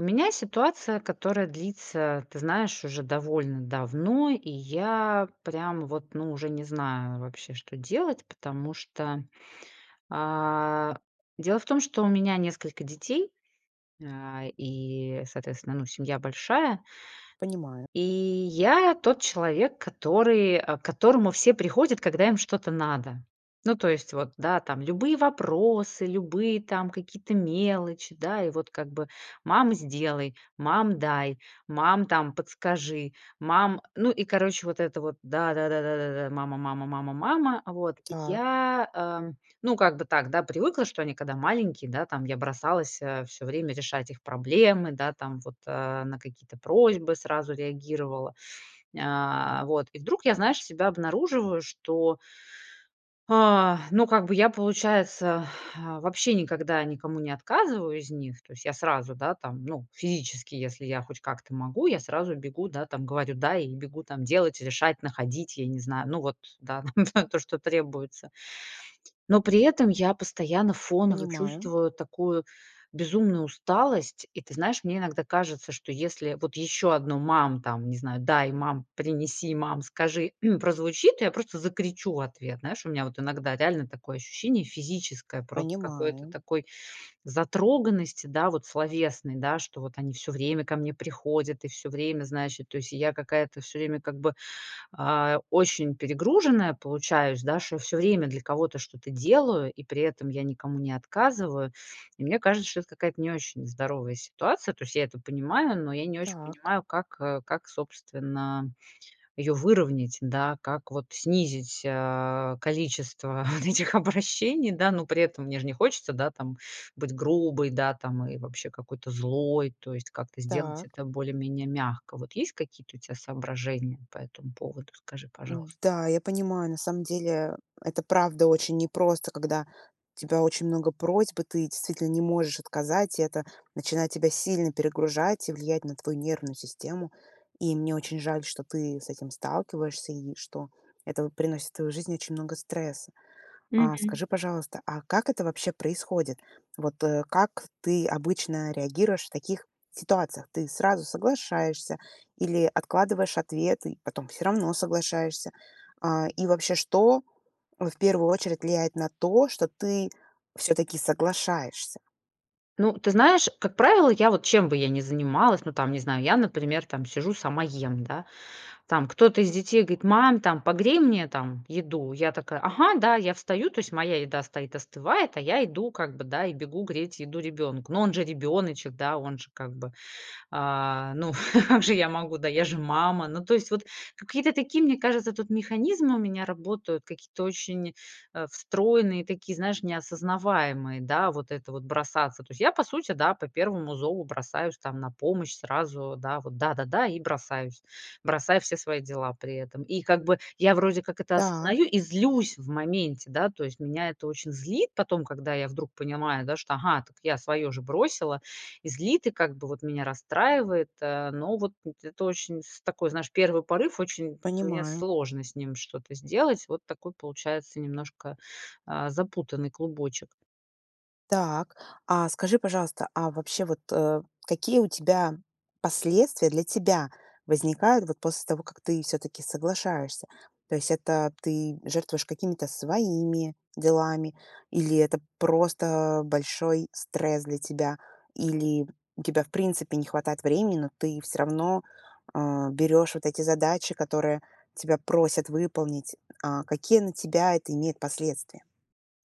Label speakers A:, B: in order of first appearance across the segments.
A: У меня ситуация, которая длится, ты знаешь, уже довольно давно, и я прям вот, ну, уже не знаю вообще, что делать, потому что, а, дело в том, что у меня несколько детей, а, и, соответственно, ну, семья большая.
B: Понимаю.
A: И я тот человек, который, э, к которому все приходят, когда им что-то надо. Ну, то есть, вот, да, там любые вопросы, любые там какие-то мелочи, да, и вот как бы: "Мама, сделай! Мам, дай! Мам, там подскажи! Мам!" Ну и, короче, вот это вот: "Да да да да да да! Мама, мама, мама, мама!" Вот. И
B: Так.
A: я, э, ну, как бы так, да, привыкла, что они, когда маленькие, да, там я бросалась, э, всё время решать их проблемы, да, там, вот, э, на какие-то просьбы сразу реагировала, нь э, вот, и вдруг я, знаешь, себя обнаруживаю, что А, ну как бы я получается, э, вообще никогда никому не отказываю из них. То есть я сразу, да, там, ну, физически, если я хоть как-то могу, я сразу бегу, да, там, говорю: "Да!" И бегу там делать, решать, находить, я не знаю. Ну вот, да, да то, что требуется. Но при этом я постоянно фоново
B: Понимаю.
A: чувствую такую безумную усталость, и, ты знаешь, мне иногда кажется, что если вот еще одно: "Мам!" Там, не знаю: "Дай, мам! Принеси, мам! Скажи!"- прозвучит, я просто закричу в ответ. Знаешь, у меня вот иногда реально такое ощущение физическое просто какой-то
B: Понимаю.
A: такой затроганности, да, вот словесной, да, что вот они всё время ко мне приходят и всё время, знаешь, и, то есть, и я какая-то всё время как бы, а, очень перегруженная получаюсь, да, шо всё время для кого-то что-то делаю, и при этом я никому не отказываю. И мне кажется, что это какая-то не очень здоровая ситуация. То есть я это понимаю, но я не очень
B: Так.
A: понимаю, как, э, как, собственно, ее выровнять, да? Как вот снизить, э, количество вот этих обращений, да? Но при этом мне же не хочется, да, там, быть грубой, да, там, и вообще какой-то злой, то есть как-то сделать
B: Так.
A: это более-менее мягко. Вот есть какие-то у тебя соображения по этому поводу? Скажи, пожалуйста?
B: М-да, я понимаю, на самом деле, это правда очень непросто, когда у тебя очень много просьб и ты действительно не можешь отказать, и это начинает тебя сильно перегружать и влиять на твою нервную систему. И мне очень жаль, что ты с этим сталкиваешься, и что это вот приносит в твою жизнь очень много стресса. А,
A: Мгм.
B: скажи, пожалуйста, а как это вообще происходит? Вот, э, как ты обычно реагируешь в таких ситуациях? Ты сразу соглашаешься или откладываешь ответы, и потом всё равно соглашаешься? А, и вообще, что, э, в первую очередь влияет на то, что ты всё таки соглашаешься?
A: Ну ты знаешь, как правило, я вот чем бы я ни занималась, ну там не знаю, я например там сижу сама ем, да. Там кто-то из детей говорит: "Мам, там, погрей мне, там, еду." Я такая: "Ага, да." Я встаю, то есть моя еда стоит, остывает, а я иду, как бы да, и бегу греть еду ребенку. Но он же ребёночек, да, он же как бы, а, ну как же я могу, да, я же мама. Ну то есть вот какие-то такие, мне кажется, тут механизмы у меня работают, какие-то очень, э, встроенные, такие, знаешь, не осознаваемые. Да, вот это вот, бросаться. То есть я, да, по сути по первому зову бросаюсь, там, на помощь, сразу, да вот, да-да-да, и бросаюсь. Бросаю все свои дела при этом. И как бы я вроде как это
B: Та
A: осознаю и злюсь в моменте, да, то есть. Меня это очень злит потом, когда я вдруг понимаю, да, что ага, так я свое же бросила, и злит, и как бы вот меня расстраивает, э. Но вот, э, это очень с такой, знаешь, первый порыв. Очень мне
B: Понимаю.
A: сложно с ним что-то сделать. Вот такой получается немножко, э, запутанный клубочек.
B: Так, а скажи, пожалуйста, а вообще вот, э, какие у тебя последствия, для тебя возникают, вот, после того, как ты всё-таки соглашаешься? То есть это ты жертвуешь какими-то своими делами или это просто большой стресс для тебя, или у тебя в принципе не хватает времени, но ты всё равно, э, берёшь вот эти задачи, которые тебя просят выполнить, а, какие на тебя это имеет последствия?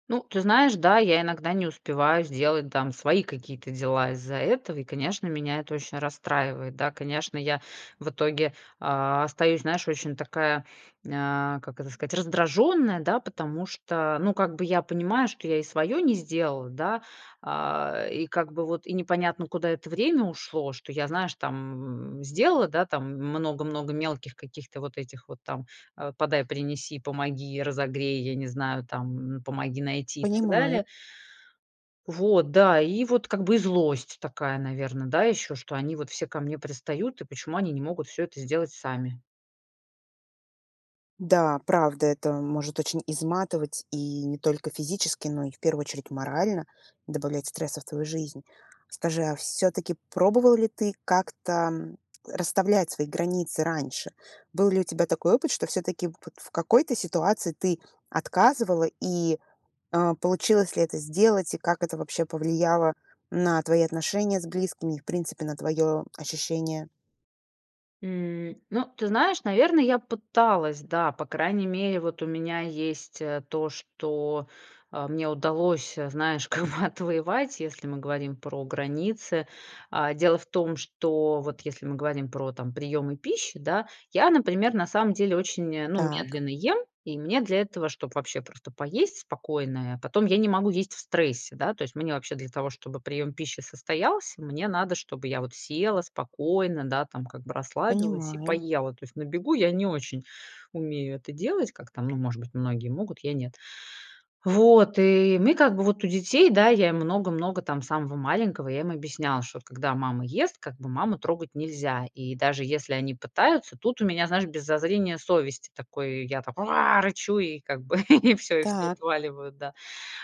A: Ну, ты знаешь, да, я иногда не успеваю сделать там свои какие-то дела из-за этого, и конечно меня это очень расстраивает. Да, конечно, я в итоге, а, остаюсь, знаешь, очень такая, а, как это сказать, раздражённая, да, потому что ну как бы я понимаю, что я и свое не сделала, да, а, и как бы вот и непонятно куда это время ушло, что я, знаешь, там сделала, да, там много-много мелких каких-то вот этих вот там, э, "подай, принеси, помоги, разогрей", я не знаю там, "помоги найти" и так
B: Понимаю.
A: далее. Вот, да, и вот как бы и злость такая, наверное, да еще, что они вот все ко мне пристают, и почему они не могут всё это сделать сами.
B: Да, правда, это может очень изматывать, и не только физически, но и в первую очередь морально добавлять стресса в твою жизнь. Скажи, а всё-таки пробовал ли ты как-то расставлять свои границы раньше? Был ли у тебя такой опыт, что всё-таки вот в какой-то ситуации ты отказывала и, э, получилось ли это сделать, и как это вообще повлияло на твои отношения с близкими, и в принципе на твое ощущение?
A: М. Ну ты знаешь, наверное, я пыталась, да. По крайней мере, вот, у меня есть, э, то, что, э, мне удалось, э, знаешь как бы отвоевать, если мы говорим про границы. А, дело в том, что вот если мы говорим про, там, приемы пищи, да, я, например, на самом деле очень, э, ну,
B: Так.
A: медленно ем, и мне для этого, чтоб вообще просто поесть спокойно, а, потом я не могу есть в стрессе, да. То есть мне вообще для того чтобы прием пищи состоялся, мне надо чтобы я вот села спокойно, да там как бы расслабилась и
B: Понимаю.
A: поела. То есть на бегу я не очень умею это делать, как там, ну, может быть, многие могут, я нет. Вот, и мы как бы, вот у детей, да, я им много-много, там, самого маленького, я им объясняла, что когда мама ест, как бы маму трогать нельзя, и даже если они пытаются, тут у меня знаешь, без зазрения совести, такой, я так: "Уа", рычу, и как бы, и всё, и все
B: Так.
A: отваливают, да.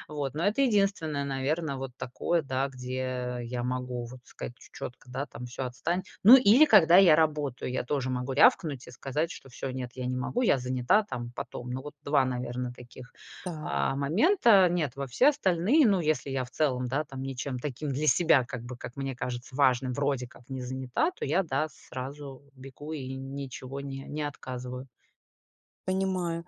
A: Вот. Но это единственное, наверное, вот такое, да, где я могу, вот, сказать ч чётко, да, там: "Всё отстань". Ну или когда я работаю, я тоже могу рявкнуть и сказать, что всё, нет, я не могу, я занята там, потом. Ну вот 2, наверное, таких,
B: Так.
A: а, момента. Нет. Во все остальные, ну если я в целом, да там, ничем таким для себя, как бы, как мне кажется, важным, вроде как не занята, то я да, сразу бегу и ничего не не отказываю.
B: Понимаю,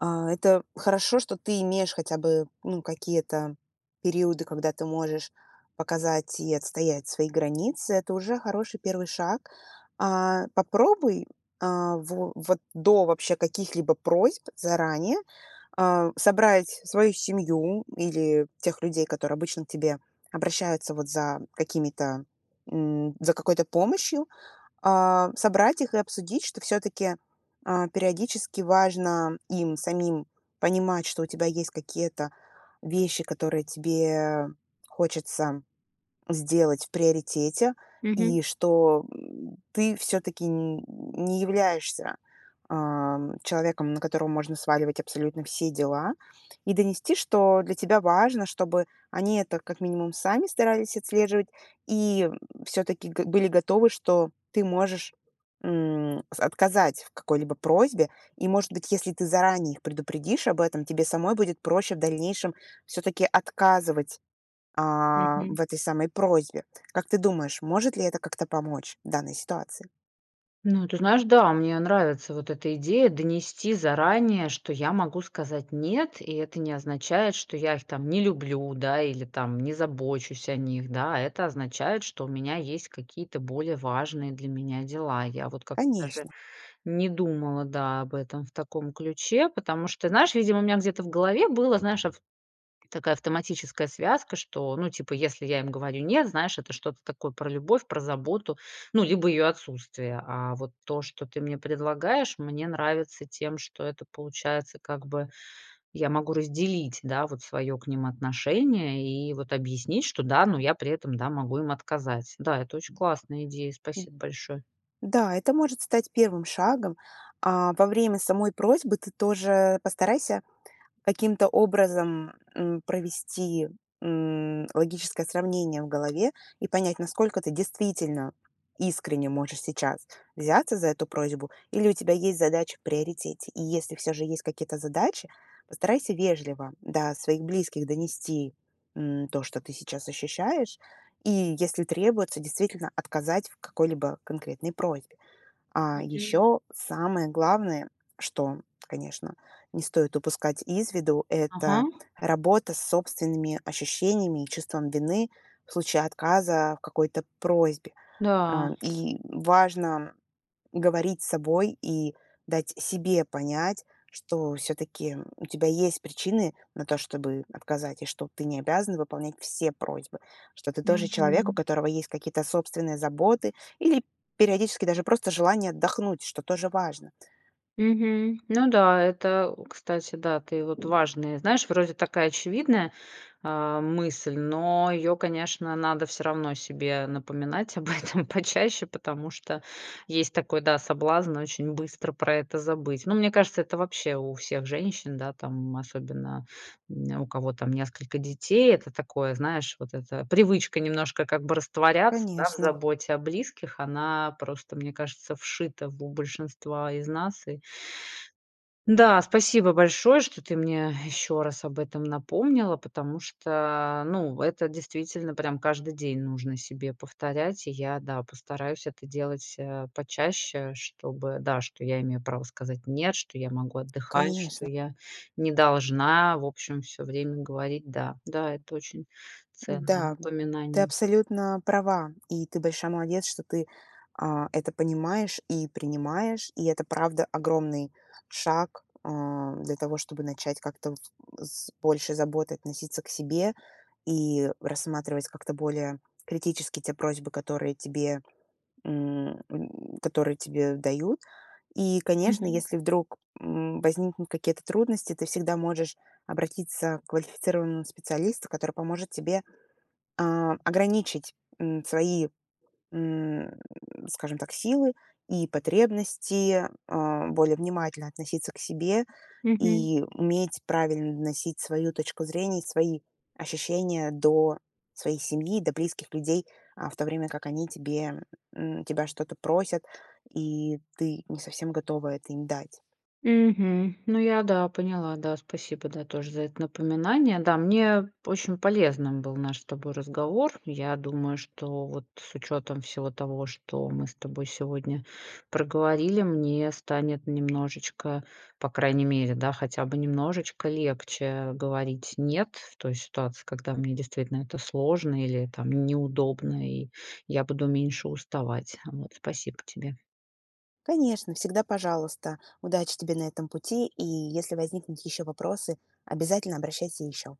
B: а, это хорошо, что ты имеешь хотя бы ну какие-то периоды, когда ты можешь показать и отстоять свои границы, это уже хороший 1 шаг. А, попробуй, а, во вот, до вообще каких-либо просьб заранее, а, собрать свою семью или тех людей, которые обычно к тебе обращаются вот за какими-то, м, за какой-то помощью, а, собрать их и обсудить, что всё-таки, а, периодически важно им самим понимать, что у тебя есть какие-то вещи, которые тебе хочется сделать в приоритете.
A: Мгм.
B: И что ты всё-таки, не являешься, ам, человеком, на которого можно сваливать абсолютно все дела. И донести, что для тебя важно, чтобы они это как минимум сами старались отслеживать и, всё-таки г были готовы, что ты можешь, м, с отказать в какой-либо просьбе. И, может быть, если ты заранее их предупредишь об этом, тебе самой будет проще в дальнейшем всё-таки отказывать, а,
A: Мгм.
B: в этой самой просьбе. Как ты думаешь, может ли это как-то помочь в данной ситуации?
A: Ну, ты знаешь, да, мне нравится вот эта идея донести заранее, что я могу сказать нет, и это не означает, что я их там не люблю, да, или там не забочусь о них, да. Это означает, что у меня есть какие-то более важные для меня дела. Я вот как-то даже
B: Конечно.
A: не думала, да, об этом в таком ключе, потому что Ты знаешь, видимо у меня где-то в голове было, знаешь ав такая автоматическая связка, что, ну, типа, если я им говорю нет, знаешь, это что-то такое про любовь, про заботу, ну, либо ее отсутствие. А, вот то, что ты мне предлагаешь мне нравится тем, что это получается, как бы, я могу разделить, да, вот свое к ним отношение и вот объяснить что, да, ну я при этом, да, могу им отказать. Да, это очень классная идея, спасибо большое!
B: Да, это может стать 1 шагом. А, во время самой просьбы, ты тоже постарайся каким-то образом, м, провести, м, логическое сравнение в голове и понять, насколько ты действительно искренне можешь сейчас взяться за эту просьбу или у тебя есть задача в приоритете. И если всё же есть какие-то задачи, постарайся вежливо до своих близких донести, м, то, что ты сейчас ощущаешь и, если требуется, действительно отказать в какой-либо конкретной просьбе. А
A: Мгм.
B: еще, самое главное, что, конечно, не стоит упускать из виду,-
A: Ага.
B: это работа с собственными ощущениями и чувством вины в случае отказа в какой-то просьбе.
A: Да.
B: А, и, важно говорить с собой и дать себе понять, что всё-таки, у тебя есть причины на то, чтобы отказать, и что ты не обязана выполнять все просьбы, что ты тоже человек, у
A: Мгм.
B: которого есть какие-то собственные заботы или периодически даже просто желание отдохнуть, что тоже важно.
A: Мгм. Ну да, это, э, кстати, да, ты вот, важная Знаешь, вроде такая очевидная, а, мысль, но ее конечно надо всё равно себе напоминать об этом почаще. Потому что есть такой, да, соблазн: очень быстро про это забыть. Ну мне кажется, это вообще у всех женщин, да, там, особенно, м, у кого там несколько детей, это такое знаешь, вот это, привычка немножко как бы растворяться, да, в
B: Конечно.
A: заботе о близких. Она просто, мне кажется, вшита в, э, большинства из нас. И Да, спасибо большое, что ты мне еще раз об этом напомнила, потому что, ну это действительно прям каждый день нужно себе повторять. И я, да, постараюсь это делать, а, почаще, чтобы, да, что я имею право сказать нет, что я могу отдыхать, что
B: Конечно.
A: я не должна в общем всё время говорить, да. Да, это очень ценное
B: Да, ты
A: напоминание.
B: абсолютно права, и ты большая молодец, что ты, а, это понимаешь и принимаешь, и это правда огромный шаг, а, для того, чтобы начать как-то в с с большей заботой относиться к себе и рассматривать как-то более критически те просьбы, которые тебе м которые тебе дают. И конечно,
A: Мгм.
B: если вдруг, м, возникнут какие-то трудности, ты всегда можешь обратиться к квалифицированному специалисту, который поможет тебе, а, ограничить, м, свои, м, скажем так, силы и потребности, а, более внимательно относиться к себе
A: Мгм.
B: и уметь правильно доносить свою точку зрения и свои ощущения до своей семьи, до близких людей, а, в то время как они тебе м, тебя что-то просят, и ты не совсем готова это им дать.
A: Мгм. Ну я, да, поняла, да, спасибо, да, тоже за это напоминание. Да, мне очень полезным был наш с тобой разговор. Я думаю, что вот с учетом всего того, что мы с тобой сегодня проговорили, мне станет немножечко, по крайней мере, да, хотя бы немножечко легче, говорить нет в той ситуации, когда мне действительно это сложно или там неудобно и я буду меньше уставать, вот. Спасибо тебе.
B: Конечно, всегда пожалуйста. Удачи тебе на этом пути, и если возникнут еще вопросы, обязательно обращайся еще.